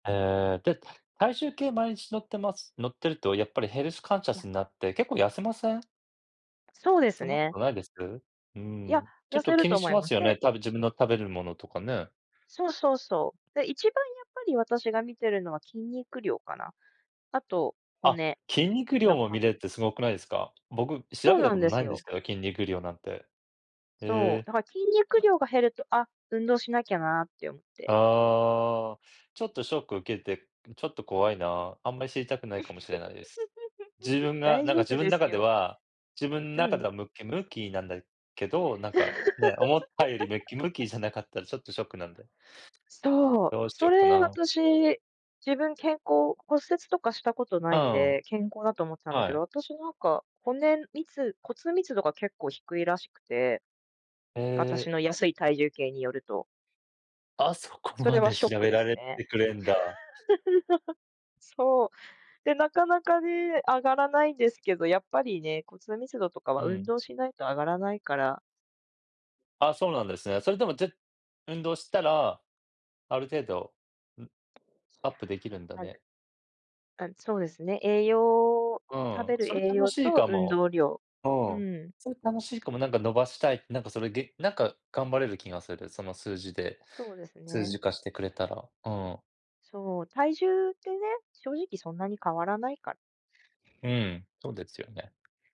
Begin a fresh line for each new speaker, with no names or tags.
へえ。で、体重計、毎日乗ってます乗ってるとやっぱりヘルスカンシャ
や。
スになって結構痩せません？
そうです
そんなこ
ね。
とないです？うー
いや、
ん。ちょ
痩
っ
せ
と
る
気に
と思
し
い
ま
ま
す
す。
よ
で
ね、多分自分の食べるものとかね。
そうそうそう。で、一番やっぱり私が見てるのは筋肉量かな。あと
あ、
骨
筋肉量
の
も
パ
見
ー
れ
ス
るってすごくないですか？僕
そ
調
う
べた
な
こ
ん
と
で
な
す
いんで
よ。
すけど、筋肉量なんて。へ
そう。
え。
だから筋肉
う
量が減ると、「あ、運動しなきゃな」って思って。
ああ。ちょっとショック受けて、ん、ちょっと怖いな。あんまり知りたくないかもしれないです。自 分が、
大
なんか
丈
自
夫
分
です
中で
よ。
は自分
う
中で
ん。
はムキムキなんだけど、なんか、ね、思ったよりムキム キじゃなかったら、ちょっとショックなんで。
そう。
どうし
そ
よっか
れ
な。
私、自分健康骨折とかしたことな
う
いん
ーん。
で、健康だと思ってたんだけ
は
ど、
い。
私、なんか、骨密骨密度が結構低いらしくて。
へ
私
え。
の安い体重計によると。
あ、そこ
それ
ま
は
で
ショッ
調
ク
べ
で
ら
す
れ
ね。
てくれんだ。
そう。で、なかなかね、上がらないですけど、やっぱりね、骨密度とかは
う
運
ん。
動しないと上がらないから。
ああ、そうなんですね。それでもぜ運動したら、ある程度、ん、
い
アッ
や、
プできるんだ
はう
ね。
あ、そうですね、栄養
う
食
ーん、
べる
それ
栄
楽
養
しい
と
か
運
も。
動量。
う
う
ーん、
ーん。
それ楽しいかも。なんか、伸ばしたい、なんか、それげなんか、頑張れる気がする、その数字で。
そうです
数
ね。
字化してくれたら。うーん。
そう、体重ってね、正直そんなに変わらないから。
うーん、そうですよね。